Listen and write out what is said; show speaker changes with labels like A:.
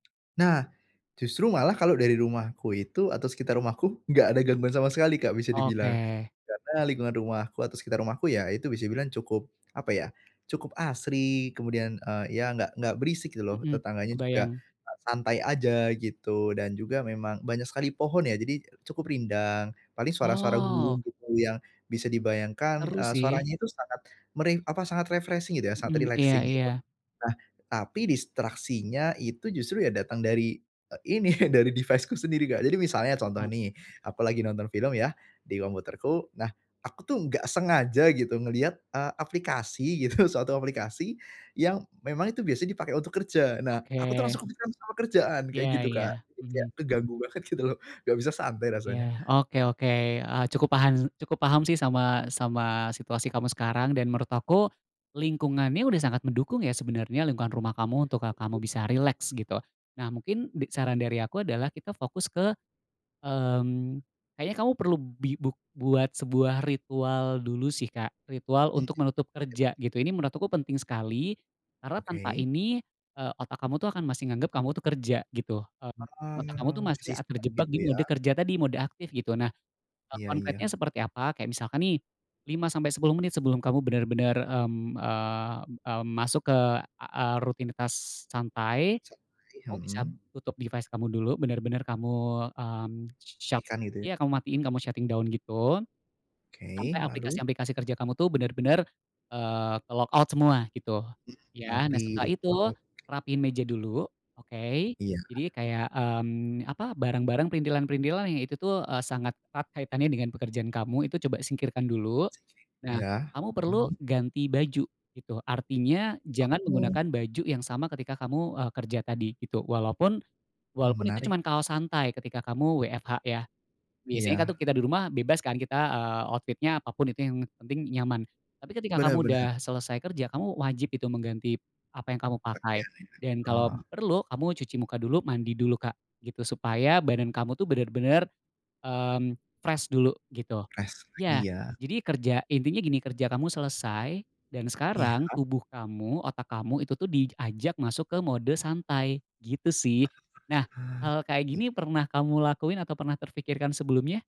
A: Nah, justru malah kalau dari rumahku itu, atau sekitar rumahku, enggak ada gangguan sama sekali, Kak, bisa dibilang.
B: Oke.
A: Karena lingkungan rumahku atau sekitar rumahku, ya itu bisa dibilang cukup, apa ya, cukup asri. Kemudian, eee, ya, enggak enggak berisik gitu loh.
B: Mhm,
A: Tetangganya juga,
B: kebayang.
A: eee, santai aja gitu, dan juga memang banyak sekali pohon, ya, jadi cukup rindang. Paling suara-suara
B: Wow.
A: burung gitu yang bisa dibayangkan,
B: Seru
A: eee,
B: sih.
A: suaranya itu sangat, sangat meri sangat refreshing gitu, ya, sangat
B: Mhm, iya
A: relaxing.
B: iya.
A: Nah, tapi distraksinya itu justru ya datang dari e ini, dari device-ku sendiri, Kak. Jadi misalnya contoh
B: [unintelligible]
A: nih, aku lagi nonton film, ya, di komputerku. Nah, aku tuh enggak sengaja gitu ngelihat, eee, aplikasi gitu, suatu aplikasi yang memang itu biasanya dipakai untuk kerja. Nah, aku tuh
B: Oke.
A: langsung kepikiran sama kerjaan kayak
B: Ya
A: gitu Kak.
B: ya,
A: Jadi kayak
B: mhm.
A: keganggu banget gitu loh, enggak bisa santai rasanya.
B: Ya, oke oke, eee, cukup paham cukup paham sih sama sama situasi kamu sekarang. Dan menurut aku, lingkungannya sudah sangat mendukung, ya, sebenarnya lingkungan rumah kamu untuk, eee, kamu bisa
A: [unintelligible]
B: rileks gitu. Nah, mungkin dik saran dari aku adalah kita fokus ke, mmm, kayaknya kamu perlu bi bu buat sebuah ritual dulu sih, Kak, ritual
A: Mhm,
B: untuk menutup
A: iya.
B: kerja gitu. Ini menurut aku penting sekali, karena tanpa
A: Oke.
B: ini otak, eee, kamu tuh akan masih menganggap kamu tuh kerja gitu. Mmm,
A: Oh
B: otak kamu tuh masih,
A: masih
B: eee,
A: stuck
B: terjebak
A: gitu
B: di
A: ya?
B: mode kerja tadi, mode aktif gitu. Nah,
A: Iya
B: konkretnya
A: iya.
B: seperti apa? Kayak misalkan nih, 5 sampai 10 menit sebelum kamu benar-benar, mmm, eee, mmm, masuk ke, eee, rutinitas santai,
A: Santai,
B: kamu bisa
A: mhm.
B: tutup device kamu dulu. Benar-benar kamu, mmm, shut
A: Tikan gitu ya?
B: ya kamu matikan, kamu shutting down gitu, sampai
A: Oke lalu.
B: aplikasi-aplikasi kerja kamu tuh benar-benar, eee, ke-logout semua gitu,
A: Mmm,
B: ya. Nah,
A: mati,
B: setelah itu
A: logout.
B: rapikan meja dulu, oke.
A: Iya.
B: Jadi kayak, mmm, apa, barang-barang printilan-printilan yang itu tuh sangat erat kaitannya dengan pekerjaan kamu, itu coba singkirkan dulu.
A: [unintelligible]
B: Nah,
A: Ya,
B: kamu perlu
A: mmm.
B: ganti baju, itu, artinya jangan menggunakan
A: [unintelligible]
B: baju yang sama ketika kamu, eee, kerja tadi gitu, walaupun
A: Wah
B: walaupun itu
A: menarik
B: cuman
A: nih.
B: kaos santai ketika kamu WFH ya. Biasanya kan
A: Iya.
B: kita di rumah bebas kan, kita, eee, outfit-nya apa pun itu yang penting nyaman. Tapi ketika
A: Benar
B: kamu sudah
A: benar.
B: selesai kerja, kamu wajib itu mengganti apa yang kamu pakai.
A: Pakaian ya?
B: Dan kalau
A: Oh.
B: perlu kamu cuci muka dulu, mandi dulu, Kak, gitu. Supaya badan kamu tuh benar-benar, mmm, fresh dulu gitu.
A: Rest lagi
B: Ya,
A: ya.
B: jadi kerja intinya gini, kerja kamu selesai, dan sekarang
A: Iya.
B: tubuh kamu, otak kamu itu tuh diajak masuk ke mode santai gitu sih. Nah,
A: [unintelligible] Hah,
B: hal kayak
A: iya.
B: gini pernah kamu lakuin atau pernah terpikirkan sebelumnya?